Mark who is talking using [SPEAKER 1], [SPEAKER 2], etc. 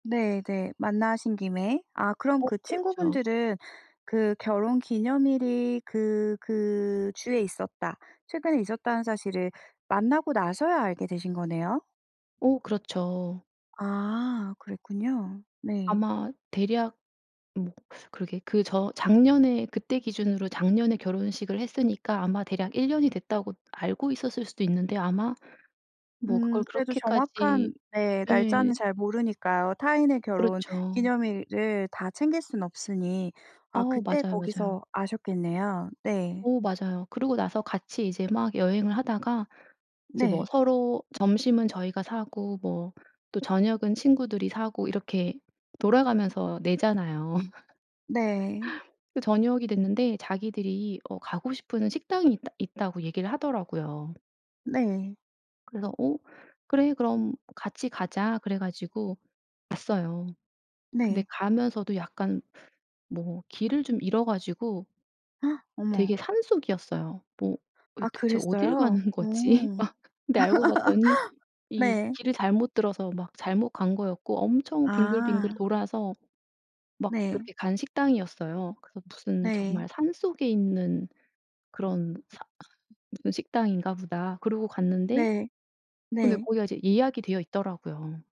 [SPEAKER 1] 네네. 만나신 김에. 아 그럼
[SPEAKER 2] 어
[SPEAKER 1] 그
[SPEAKER 2] 그렇죠.
[SPEAKER 1] 친구분들은 그 결혼기념일이 그 그 주에 있었다, 최근에 있었다는 사실을 만나고 나서야 알게 되신 거네요.
[SPEAKER 2] 어 그렇죠.
[SPEAKER 1] 아 그랬군요. 네.
[SPEAKER 2] 아마 대략 뭐 그러게 그 저 작년에 그때 기준으로 작년에 결혼식을 했으니까 아마 대략 1 년이 됐다고 알고 있었을 수도 있는데 아마 뭐
[SPEAKER 1] 음
[SPEAKER 2] 그걸
[SPEAKER 1] 그래도
[SPEAKER 2] 그렇게까지
[SPEAKER 1] 정확한 네
[SPEAKER 2] 예.
[SPEAKER 1] 날짜는 잘 모르니까요. 타인의
[SPEAKER 2] 그렇죠.
[SPEAKER 1] 결혼기념일을 다 챙길 순 없으니 아
[SPEAKER 2] 어
[SPEAKER 1] 그때
[SPEAKER 2] 맞아요, 맞아요.
[SPEAKER 1] 거기서 아셨겠네요. 네.
[SPEAKER 2] 어 맞아요. 그러고 나서 같이 이제 막 여행을 하다가 이제 뭐
[SPEAKER 1] 네.
[SPEAKER 2] 서로 점심은 저희가 사고 뭐 또 저녁은 친구들이 사고 이렇게 돌아가면서 내잖아요.
[SPEAKER 1] 네.
[SPEAKER 2] 그 저녁이 됐는데 자기들이 어 "가고 싶은 식당이 있다 있다."고 얘기를 하더라고요.
[SPEAKER 1] 네.
[SPEAKER 2] 그래서 "어 그래 그럼 같이 가자." 그래 가지고 갔어요. 근데
[SPEAKER 1] 네.
[SPEAKER 2] 가면서도 약간 뭐 길을 좀 잃어 가지고
[SPEAKER 1] 어머.
[SPEAKER 2] 되게 산속이었어요. 뭐 어
[SPEAKER 1] 아
[SPEAKER 2] 대체 어딜
[SPEAKER 1] 그랬어요?
[SPEAKER 2] 가는
[SPEAKER 1] 어.
[SPEAKER 2] 거지? 막 근데 알고 봤더니 이
[SPEAKER 1] 네.
[SPEAKER 2] 길을 잘못 들어서 막 잘못 간 거였고 엄청 빙글빙글
[SPEAKER 1] 아.
[SPEAKER 2] 돌아서 막
[SPEAKER 1] 네.
[SPEAKER 2] 그렇게 간 식당이었어요. 그래서 무슨
[SPEAKER 1] 네.
[SPEAKER 2] 정말 '산속에 있는 그런 사 무슨 식당인가 보다.' 그러고 갔는데
[SPEAKER 1] 네.
[SPEAKER 2] 근데
[SPEAKER 1] 네.
[SPEAKER 2] 거기가 이제 예약이 되어 있더라고요.